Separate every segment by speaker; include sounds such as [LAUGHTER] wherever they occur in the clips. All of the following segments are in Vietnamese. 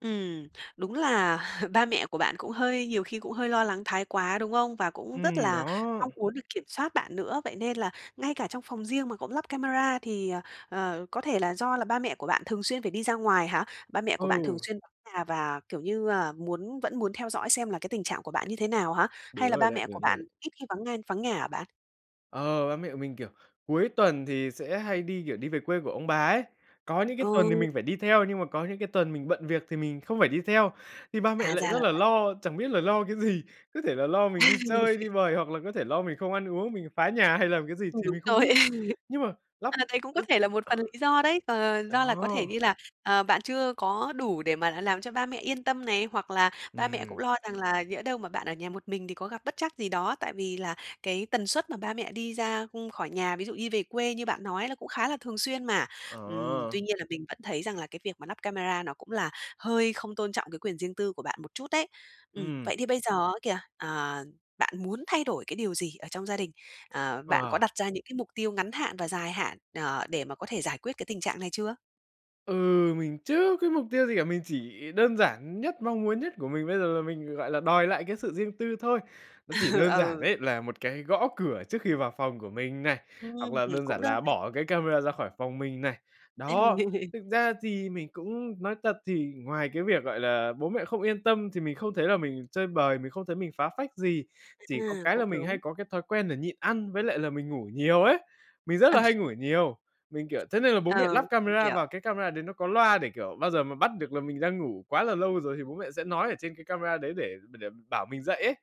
Speaker 1: Ừm, đúng là [CHUCKLES] ba mẹ của bạn cũng hơi nhiều khi cũng hơi lo lắng thái quá, đúng không? Và cũng rất
Speaker 2: Ừm,
Speaker 1: là
Speaker 2: đó.
Speaker 1: mong muốn được kiểm soát bạn nữa, vậy nên là ngay cả trong phòng riêng mà cũng lắp camera thì, ờ, ờ, có thể là do là ba mẹ của bạn thường xuyên phải đi ra ngoài hả? Ba mẹ của bạn thường
Speaker 2: Ừ.
Speaker 1: xuyên vắng nhà và, kiểu như, à, muốn vẫn muốn theo dõi xem là cái tình trạng của bạn như thế nào hả?
Speaker 2: Đúng
Speaker 1: Hay là
Speaker 2: rồi
Speaker 1: ba
Speaker 2: đấy,
Speaker 1: mẹ của
Speaker 2: đúng rồi
Speaker 1: bạn
Speaker 2: ấy.
Speaker 1: ít khi vắng nên vắng nhà hả bạn?
Speaker 2: Ờ, ba mẹ của mình, kiểu, cuối tuần thì sẽ hay đi, kiểu, đi về quê của ông bà ấy. Có những cái tuần thì
Speaker 1: Ừ.
Speaker 2: mình phải đi theo, nhưng mà có những cái tuần mình bận việc thì mình không phải đi theo. Thì ba
Speaker 1: À,
Speaker 2: mẹ lại
Speaker 1: ra
Speaker 2: rất
Speaker 1: là
Speaker 2: là
Speaker 1: vậy.
Speaker 2: lo, chẳng biết là lo cái gì, có thể là lo mình đi chơi, đi
Speaker 1: [LAUGHS]
Speaker 2: bời hoặc là có thể lo mình không ăn uống, mình phá nhà hay làm cái gì
Speaker 1: Ừ,
Speaker 2: thì
Speaker 1: đúng
Speaker 2: mình không
Speaker 1: rồi.
Speaker 2: biết. Nhưng mà
Speaker 1: [LAUGHS]
Speaker 2: lắp,
Speaker 1: Ờ, đấy cũng có
Speaker 2: ơ,
Speaker 1: thể là một phần lý do đấy. Ờ,
Speaker 2: ờ
Speaker 1: do là có thể như
Speaker 2: đó.
Speaker 1: là, ờ, bạn chưa có đủ để mà đã làm cho ba mẹ yên tâm này, hoặc là ba mẹ cũng
Speaker 2: Ừm.
Speaker 1: lo rằng là nhỡ đâu mà bạn ở nhà một mình thì có gặp bất trắc gì đó. Tại vì là cái tần suất mà ba mẹ đi ra, ưm, khỏi nhà, ví dụ như về quê như bạn nói á, là cũng khá là thường xuyên mà. Ừm,
Speaker 2: Ờ.
Speaker 1: tuy nhiên là mình vẫn thấy rằng là cái việc mà lắp camera nó cũng là hơi không tôn trọng cái quyền riêng tư của bạn một chút đấy. Ừm,
Speaker 2: Ừm.
Speaker 1: vậy thì bây giờ á kìa, ờ, bạn muốn thay đổi cái điều gì ở trong gia đình? Ờ, bạn có
Speaker 2: Ờ.
Speaker 1: đặt ra những cái mục tiêu ngắn hạn và dài hạn, ờ, để mà có thể giải quyết cái tình trạng này chưa?
Speaker 2: Ừ, mình chưa có mục tiêu gì cả. Mình chỉ đơn giản nhất, mong muốn nhất của mình bây giờ là mình, gọi là, đòi lại cái sự riêng tư thôi. Nó chỉ
Speaker 1: [LAUGHS]
Speaker 2: đơn giản
Speaker 1: Ừ.
Speaker 2: đấy, là một cái gõ cửa trước khi vào phòng của mình này,
Speaker 1: Ừm,
Speaker 2: hoặc là đơn
Speaker 1: cũng
Speaker 2: giản
Speaker 1: đơn
Speaker 2: là
Speaker 1: giản.
Speaker 2: bỏ cái camera ra khỏi phòng mình này. Đó.
Speaker 1: [LAUGHS]
Speaker 2: Thực ra thì mình cũng nói thật thì ngoài cái việc, gọi là, bố mẹ không yên tâm thì mình không thấy là mình chơi bời, mình không thấy mình phá phách gì, chỉ có
Speaker 1: À,
Speaker 2: cái
Speaker 1: cũng
Speaker 2: là mình
Speaker 1: đúng.
Speaker 2: hay có cái thói quen là nhịn ăn với lại là mình ngủ nhiều ấy. Mình rất
Speaker 1: Ờ.
Speaker 2: là hay ngủ nhiều, mình, kiểu thế nên là bố mẹ
Speaker 1: Ờ,
Speaker 2: lắp
Speaker 1: mình
Speaker 2: camera
Speaker 1: hiểu.
Speaker 2: vào, cái camera đấy nó có loa để, kiểu, bao giờ mà bắt được là mình đang ngủ quá là lâu rồi thì bố mẹ sẽ nói ở trên cái camera đấy để để để bảo mình dậy ấy.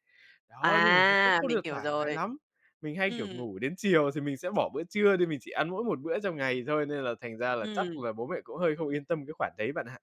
Speaker 2: Đó, nhưng mà nó cũng
Speaker 1: À,
Speaker 2: không
Speaker 1: mình
Speaker 2: được
Speaker 1: hiểu
Speaker 2: thoải mái
Speaker 1: rồi.
Speaker 2: lắm. Mình hay, kiểu,
Speaker 1: Ừm.
Speaker 2: ngủ đến chiều thì mình sẽ bỏ bữa trưa đi, mình chỉ ăn mỗi một bữa trong ngày thôi, nên là thành ra là chắc
Speaker 1: Ừm.
Speaker 2: là bố mẹ cũng hơi không yên tâm cái khoản đấy bạn ạ.